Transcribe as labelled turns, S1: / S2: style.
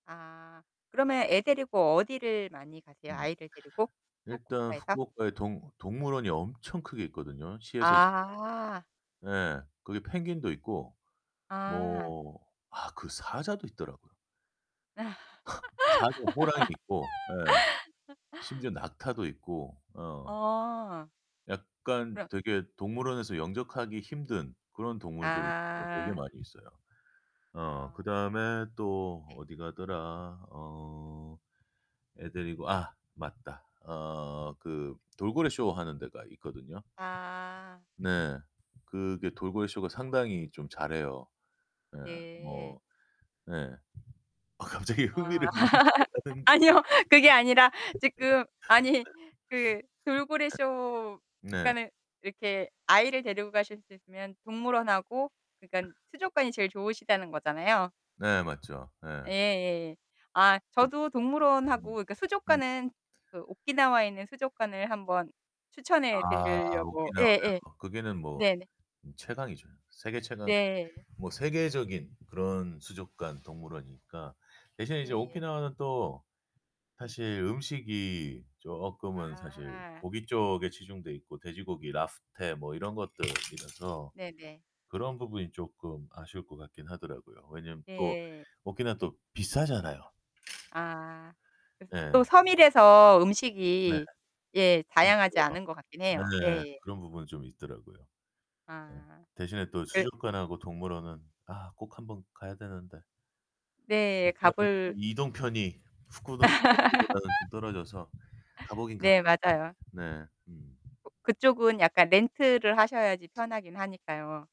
S1: 아. 그러면 애 데리고 어디를 많이 가세요?
S2: 음.
S1: 아이를 데리고?
S2: 일단
S1: 후쿠오카에서?
S2: 후쿠오카에 동 동물원이 엄청 크게 있거든요. 시에서 이제
S1: 아.
S2: 예, 거기 펭귄도 있고
S1: 아.
S2: 뭐 아 그 사자도 있더라고요. 사자, 호랑이도 있고. 예. 심지어 낙타도 있고, 어.
S1: 아.
S2: 약간
S1: 그럼
S2: 되게 동물원에서 영접하기 힘든 그런 동물들 어, 되게
S1: 아.
S2: 많이 있어요. 어,
S1: 아.
S2: 그다음에 또
S1: 네.
S2: 어디 가더라. 어. 애 데리고. 아, 맞다. 어, 그 돌고래 쇼 하는 데가 있거든요.
S1: 아.
S2: 네. 그게 돌고래 쇼가 상당히 좀 잘해요. 네,
S1: 네.
S2: 뭐. 네. 아, 갑자기
S1: 아.
S2: 흥미를 잃으셔 가는.
S1: 아니요. 그게 아니라
S2: 네.
S1: 지금 아니 그 돌고래
S2: 네.
S1: 쇼.
S2: 네.
S1: 그러니까는 이렇게 아이를 데리고 가실 수 있으면 동물원하고 그러니깐 수족관이 제일 좋으시다는 거잖아요?
S2: 네, 맞죠. 예.
S1: 예예예. 아,
S2: 그
S1: 저도 동물원하고
S2: 음.
S1: 그러니까
S2: 음.
S1: 수족관은 그 오키나와에 있는 수족관을 한번 추천해
S2: 아,
S1: 드리려고. 예예.
S2: 오키나와요. 거기는 뭐
S1: 네네.
S2: 음, 최강이죠. 세계 최강.
S1: 네.
S2: 뭐 세계적인 그런 수족관 동물원이니까. 대신에 이제
S1: 예예.
S2: 오키나와는 또
S1: 네.
S2: 사실 음식이 쪼끔은 사실
S1: 아.
S2: 고기 쪽에 치중되어 있고, 돼지고기, 랍스터 뭐 이런 것들 이라서
S1: 네네.
S2: 그런 부분이 쪼끔 아쉬울 것 같긴 하더라고요. 왜냐하면 또
S1: 네.
S2: 오키나와는 또 비싸잖아요.
S1: 아. 또
S2: 예.
S1: 섬이라서
S2: 네.
S1: 음식이 예,
S2: 좀
S1: 다양하지
S2: 그래요.
S1: 않은 것 같긴 해요.
S2: 네.
S1: 예예.
S2: 그런 부분이 좀 있더라고요.
S1: 아.
S2: 대신에 또
S1: 예.
S2: 수족관하고 동물원은 아, 꼭 한번 가야 되는데.
S1: 네. 가
S2: 오키나와는
S1: 볼
S2: 이동편이 후쿠 [unintelligible] 후쿠오카보다는 좀 떨어져서 가 보긴 가
S1: 네,
S2: 봐야
S1: 맞아요.
S2: 되는데. 네. 음.
S1: 그쪽은 약간 렌트를 하셔야지 편하긴 하니까요.